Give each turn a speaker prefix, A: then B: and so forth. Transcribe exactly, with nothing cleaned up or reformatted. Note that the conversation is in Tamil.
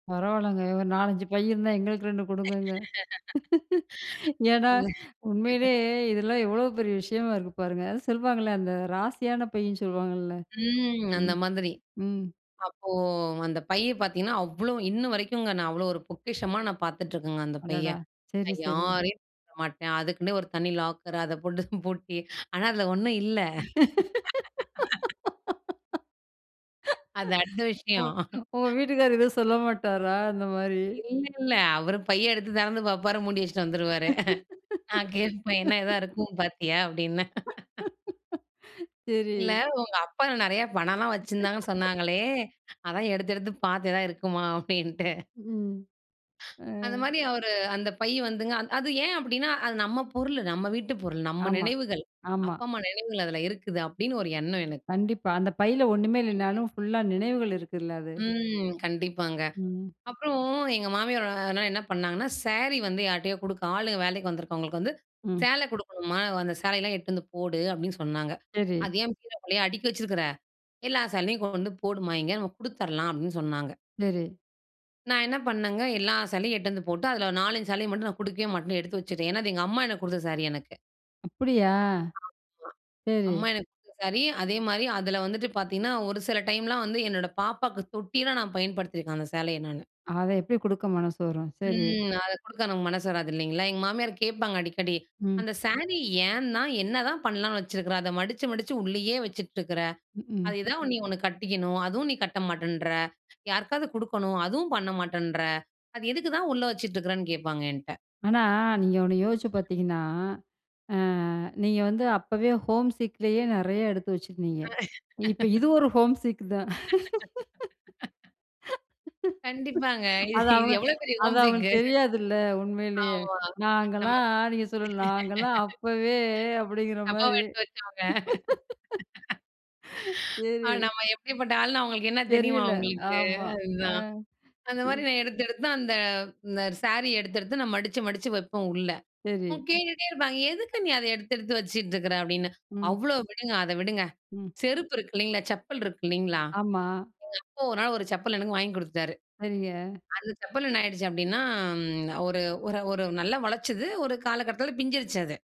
A: பரவால்லங்க ஒரு நாலஞ்சு பை இருந்தா எங்களுக்கு ரெண்டு கொடுங்கங்க. ஏன்னா,
B: இல்ல.
A: உண்மயிலயே இதெல்லாம் எவ்வளோ பெரிய விஷயமா இருக்கு பாருங்க. அது சொல்வாங்கல்ல, அந்த ராசியான பை ன்னு சொல்லுவாங்கல்ல!
B: ம்.
A: ம்,
B: அந்த மாதிரி.
A: ம்.
B: அப்போ அந்த பைய பார்த்தீங்கன்னா, அவ்ளோ, இன்ன வரைக்கும்ங்க. நான் அவ்ளோ ஒரு பொக்கிஷமா நான் பார்த்துட்டுருக்கங்க. அந்த பைய.
A: அடடா! சரி,
B: நான்
A: சரி.
B: யாரையும் [unintelligible] மாட்டேன். அதுக்குன்னு ஒரு தனி லாக்கர். அத போட்டு பூட்டி. ஆனா அதில ஒண்ணும் இல்ல. அது அடுத்த
A: உங்க
B: விஷயம்.
A: உங்க வீட்டுக்காரர் எதுவும் சொல்ல மாட்டாரா? இந்த மாரி.
B: இல்ல, இல்ல. அவரு பைய எடுத்து திறந்து பார்ப்பாரு. மூடி வச்சுட்டு வந்துருவாரு. நான் கேட்பேன் என்ன ஏதா இருக்கும் பார்த்தியா? அப்படின்னேன்.
A: சரி.
B: இல்ல உங்க அப்பா நிறையா பணம்லாம் வச்சிருந்தாங்கன்னு சொன்னாங்களே, அதான் எடுத்து எடுத்து பார்த்து எதா இருக்குமா அப்படின்ட்டு.
A: ம்.
B: அந்த
A: அ.
B: மாரி அவரு அந்த பை வந்துங்க. அது ஏன் அப்படின்னா, அது நம்ம பொருள் நம்ம வீட்டு பொருள் நம்ம
A: ஆமா,
B: நினைவுகள்.
A: ஆமா.
B: அப்பா, அம்மா நினைவுகள் அதில இருக்குது. அப்படின்னு ஒரு எண்ணம் எனக்கு.
A: கண்டிப்பா. அந்த பையில ஒண்ணுமே
B: ம்.
A: இல்லனாலும் ஃபுல்லா நினைவுகள் இருக்குல்ல அது.
B: ம். கண்டிப்பாங்க.
A: ம்.
B: அப்புறம், எங்க மாமியார் அதனால என்ன பண்ணாங்கன்னா, சேரி வந்து யார்ட்டயோ கொடுக்க ஆளுங்க வேலைக்கு வந்துருக்கவங்களுக்கு வந்து
A: ம்.
B: சேலை கொடுக்கணும்மா, அந்த சேலையெல்லாம் எடுத்து வந்து போடு, அப்படின்னு சொன்னாங்க.
A: சரி.
B: அது ஏன் பீரோக்குள்ளயே அடுக்கி வச்சிருக்கிற. எல்லா சேலையும் கொண்டு போடுமா இங்க. நம்ம கொடுத்துரலாம் அப்படின்னு சொன்னாங்க.
A: சரி.
B: நான் என்ன பண்ணங்க. எல்லா சேலயும் எட்டுவந்து போட்டு, அதில ஒரு நாலஞ்சு சேலய மட்டும் நான் கொடுக்கவே மாட்டேன் எடுத்து வச்சுட்டேன். ஏன்னா அது எங்க அம்மா எனக்கு கொடுத்த சாரி எனக்கு.
A: அப்படியா! சரி.
B: அம்மா எனக்கு கொடுத்த சாரி, அதே மாரி அதில வந்துட்டு பார்த்தீங்கன்னா, ஒரு சில டைம்லாம் வந்து என்னோட பாப்பாக்கு தொட்டிலாம் நான் பயன்படுத்திருக்கேன் அந்த சேலய நானு.
A: அத எப்படி கொடுக்க மனசு வரும்? சரி.
B: ம். அத கொடுக்க நமக்கு மனசு வராது இல்லைங்களா? எங்க மாமியார் கேட்பாங்க அடிக்கடி.
A: ம்.
B: "அந்த சாரி ஏன் தான், என்னதான் பண்ணலாம்னு வச்சுருக்கிற, அத மடிச்சு, மடிச்சு உள்ளயே வச்சுட்டுருக்கிற.
A: ம்க்க்ம்.
B: அது எதா ஒண்ணு நீ ஒண்ணு கட்டிக்கணும். அதுவும் நீ கட்ட மாட்டேன்ற! யாருக்காவது கொடுக்கணும். அதுவும் பண்ண மாட்டேன்ற! அது எதுக்கு தான் உள்ள வச்சுட்டுருக்குறன்னு." கேட்பாங்க என்ட்ட.
A: ஆனா, நீங்க ஒண்ணு யோசிச்சு பார்த்தீங்கன்னா. அ நீங்க வந்து அப்பவே ஹோம்சிக்லயே நெறையா எடுத்து வச்சிருந்தீங்க.
B: அ.
A: இப்ப இது ஒரு ஹோம்சிக் தான்.
B: கண்டிப்பாங்க. இது
A: அது
B: இது
A: அவங்க
B: எவ்வளோ பெரிய
A: அது
B: ஹோம்சிக்கு.
A: அவங்களுக்கு தெரியாதுல்ல. உண்மைலயே.
B: ஆமா. நமக்.
A: நாங்கலாம். நீங்க சொல்லுங்க, "நாங்கலாம் அப்பவே" அப்படிங்கிற
B: அம்மாவா
A: மாரி.
B: எடுத்து வச்சவங்க. அ
A: சரி.
B: நம்ம எப்படிப்பட்ட ஆளுன்னு அவங்களுக்கு என்ன தெரியுமா
A: தெரியல.
B: அவங்களுக்கு.
A: ஆமா, அ.
B: அதுதான் அந்த மாரி
A: இ.
B: நான் எடுத்தெடுத்து அந்த. இந்த சாரி எடுத்தெடுத்து நான் மடிச்சு மடிச்சு வெப்போம் உள்ள. உ
A: சரி.
B: கேட்டுகிட்டே இருப்பாங்க. "எதுக்கு நீ அத எடுத்து எடுத்து வச்சிட்டுருக்கற?" அப்படின்னு
A: ம்.
B: அவ்ளோ விடுங்க. அத விடுங்க.
A: ம்.
B: செருப்பு இருக்கு இல்லங்களா? செப்பல் இருக்கு இல்லங்களா?
A: ஆமா.
B: எங்க அப்பா ஒரு நாள் ஒரு செப்பல் எனக்கு வாங்கி கொடுத்துடாரு.
A: சரிங்க.
B: அந்த செப்பல் என்ன ஆயிடுச்சு அப்படின்னா. ஒரு ஒரு ஒரு நல்லா உளச்சிது, ஒரு காலகட்டத்தில பிஞ்சுருச்சு அது.